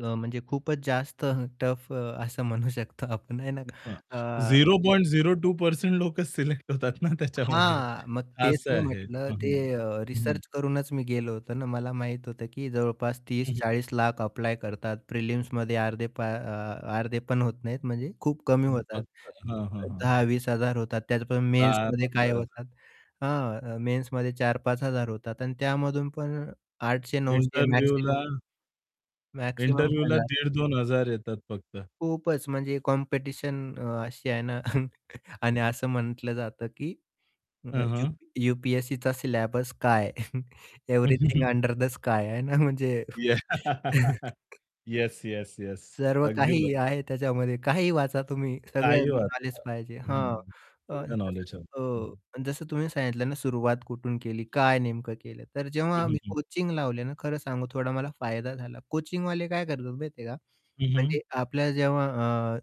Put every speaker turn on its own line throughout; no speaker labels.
अ, म्हणजे खूपच जास्त अ, टफ असं म्हणू शकतो आपण आहे ना
हां.
अ
zero
[unintelligible]
point zero two percent लोकच सिलेक्ट होतात ना त्याच्यामध्ये.
हां. मग तेच
असं
मी
आहे. अ,
म्हटलं
हां,
ते
हं,
अ,
हं.
रिसर्च करूनच मी गेलो होतो ना मला माहीत होतं की जवळपास
हं,
तीस
हं.
चाळीस लाख अप्लाय करतात प्रिलिम्समध्ये अर्धे पा अ अर्धे पण होत नाहीत म्हणजे खूप कमी होतात.
[unintelligible] हां, हां, हां.
10,000-20,000 होतात त्यातून
दहा
मेन्समध्ये काय
पंधरा हजार.
होतात. हां, मेन्समध्ये 4000-5000 होतात आणि त्यामधून पण 800-900 मॅक्सिमम
इंटरव्ह्यूला
मॅक्सिमम
इंटरव्ह्यूला
1000.
1,500-2,000 येतात फक्त.
खूपच म्हणजे कॉम्पिटिशन अशी आहे ना आणि असं म्हटलं जातं की अ,
हां, हां.
यूपी यू-पी-एस-सीचा सिलॅबस काय एव्हरीथिंग अंडर द स्काय आहे ना म्हणजे
याह येस, येस, येस.
सर्व
अगदी
काही
बरोबर.
आहे त्याच्यामध्ये, काहीही वाचा तुम्ही, सगळं
काहीही
नॉलेज
वाचा.
पाहिजे. हां.
हं.
अ,
सगळं
तसंच
नॉलेज हवं. हं, हं.
अ, जसं तुम्ही सांगितलं ना, सुरुवात कुठून केली? काय नेमकं केलं? तर
हं,
जेव्हा
हं,
मी
हं.
कोचिंग लावले ना खरं सांगू थोडा मला फायदा झाला. कोचिंगवाले काय करतात माहिती आहे का?
हं, हं.
म्हणजे आपल्या जेव्हा अ,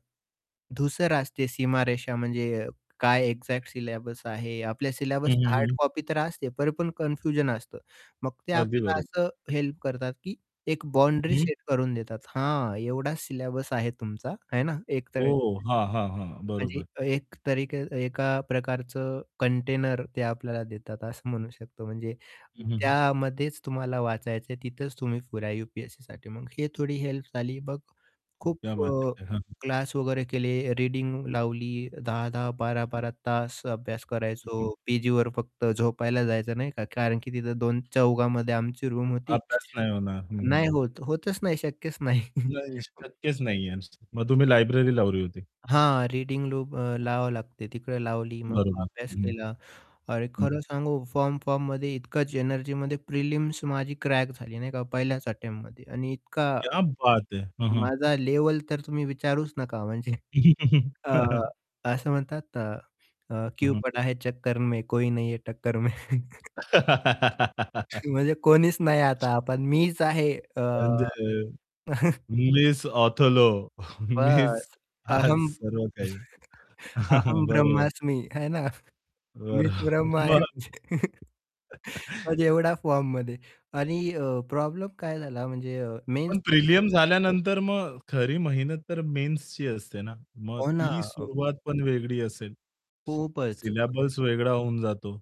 धूसर असते सीमारेषा म्हणजे काय एक्झॅक्ट सिलेबस आहे आपल्या
हं,
सिलेबस
हं,
हार्ड
हं.
कॉपी तर पण असते, तरीपण कन्फ्युजन असतं. मग ते
अगदी
आपल्याला
बरोबर.
असं हेल्प करतात की एक बाउंड्री
हं.
सेट करून देतात. हा एवढाच सिलॅबस आहे तुमचा आहे ना, एक तर
ओहो, हां, हां, हां.
म्हणजे
बरोबर.
अ, एक तरीके एका प्रकारचं कंटेनर ते आपल्याला देतात असं म्हणू शकतो म्हणजे
हं, हं, हं.
त्यामध्येच तुम्हाला वाचायचं आहे तिथेच तुम्ही पुऱ्या यू-पी-एस-सीसाठी, मग ही थोडी हेल्प झाली. मग खूप
क्या बात
अ,
है! हां, हां.
क्लास वगैरे केले, रीडिंग लावली 10-10, 12-12 तास अभ्यास
हं,
करायचो,
हं.
पीजीवर फक्त झोपायला जायचं, नाही का. कारण की तिथं 2 चौघामध्ये आमची रूम होती.
अभ्यास नाही होणार. हं,
नाही
हं.
होत होतच नाही, शक्यच नाही.
नाही शक्यच नाहीये. [unintelligible] मग तुम्ही लायब्ररी लावली होती.
हां, रीडिंग लूप अ, लावावं लागते. तिकडे लावली, मग
बरोबर.
अभ्यास
हं,
केला. आणि
हं.
खरं सांगू फॉर्म, फॉर्ममध्ये इतकाच एनर्जीमध्ये प्रिलिम्स माझी क्रॅक झाली नाही का, पहिल्याच अटेम्प्टमध्ये आणि इतका,
क्या बात है! हां, हां.
माझा लेव्हल तर तुम्ही विचारूच नका म्हणजे अ, असं म्हणतात अ, अ,
हं,
क्यु
हं.
पडा है चक्कर में कोई नहीं है टक्कर में. म्हणजे कोणीच नाही आता पण मीच आहे अ
म्हणजे मिस ऑथोलो मिस
बस
आज
अहं
सर्व काही,
अहं
बरोबर.
ब्रह्मास्मी है ना. मीच
बरं,
ब्रह्म आहे.
मग?
म्हणजे एवढ्या फॉर्ममध्ये आणि अ, प्रॉब्लेम काय झाला म्हणजे अ,
पण
मेन्समध्ये
प्रिलियम झाल्यानंतर मग खरी मेहनत तर मेन्सची असते ना? मग
हो ना.
ती
अ,
सुरुवात पण वेगळी असेल.
खूपच. [unintelligible]
सिलॅबस वेगळा होऊन जातो.